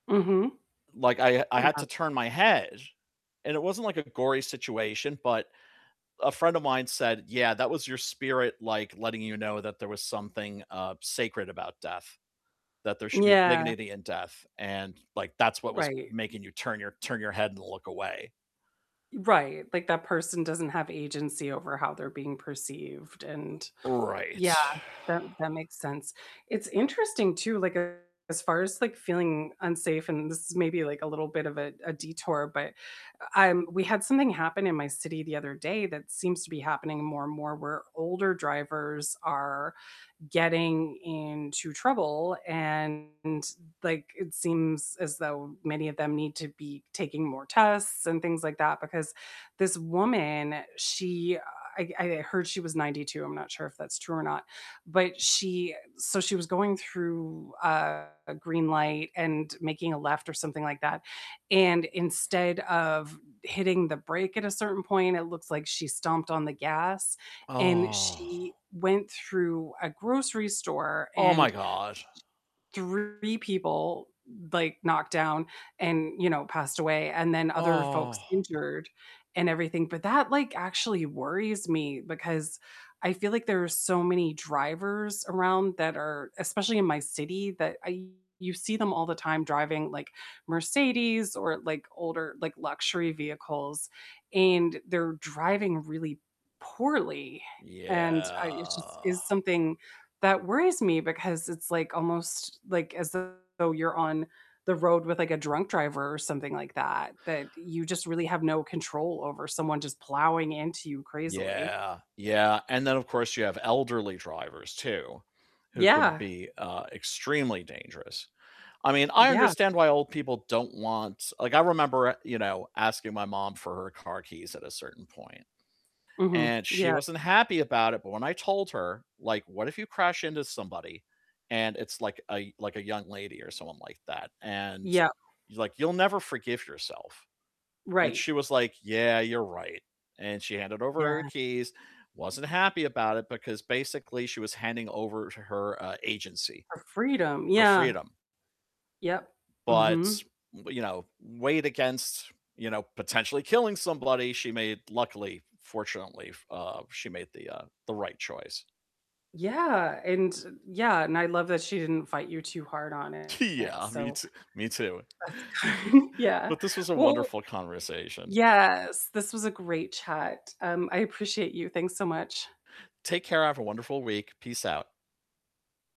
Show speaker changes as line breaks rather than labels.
Mhm.
Like I I had to
Yeah.
turn my head, and it wasn't, like, a gory situation, but a friend of mine said, "Yeah, that was your spirit, like, letting you know that there was something, uh, sacred about death, that there should be
Yeah.
dignity in death, and, like, that's what was
Right.
making you turn your turn your head and look away."
Right, like, that person doesn't have agency over how they're being perceived, and
Right.
yeah, that that makes sense, it's interesting too, like, as far as, like, feeling unsafe, and this is maybe, like, a little bit of a a detour, but, uh, I'm we had something happen in my city the other day that seems to be happening more and more where older drivers are getting into trouble, and, like, it seems as though many of them need to be taking more tests and things like that, because this woman, she, uh I g I heard she was 92, I'm not sure if that's true or not, but she so she was going through a green light, and making a left or something like that, and instead of hitting the brake at a certain point, it looks like she stomped on the gas, and
Oh.
she went through a grocery store,
Oh my
and,
gosh.
3 people, like, knocked down, and, you know, passed away, and then other
Oh.
folks injured, and everything, but that, like, actually worries me, because I feel like there are so many drivers around that are especially in my city, that I you see them all the time driving, like, Mercedes, or, like, older, like, luxury vehicles, and they're driving really poorly, and, uh, it’s just
Yeah.
is something that worries me, because it's like almost, like, as though you're on the road with, like, a drunk driver or something like that, that you just really have no control over someone just plowing into you crazily.
Yeah, yeah, and then of course you have elderly drivers too, who can
Yeah.
be, uh, extremely dangerous, I mean, I
Yeah.
understand why old people don't want like, I remember a you know, asking my mom for her car keys at a certain point,
Mhm.
and she
Yeah.
wasn't happy about it, but when I told her like, "What if you crash into somebody, and it's like a like a young lady or someone like that and"
Yeah.
like, "You'll never forgive yourself," and
Right.
she was like, "Yeah, you're right," and she handed over her
Yeah.
keys, wasn't happy about it, because basically she was handing over to her, uh, agency,
Her freedom,
her
yeah.
freedom.
Yep.
But
Mhm.
w you know, weighed against, you know, potentially killing somebody, she made luckily, fortunately f uh, she made the, uh the right choice.
Yeah, and Yeah, and I love that she didn't fight you too hard on it,
Yeah, me
so
t me too.
that's good, yeah,
But this was a
well
wonderful conversation.
yes, this was a great chat, um, I appreciate you, thanks so much.
Take care, have a wonderful week, peace out.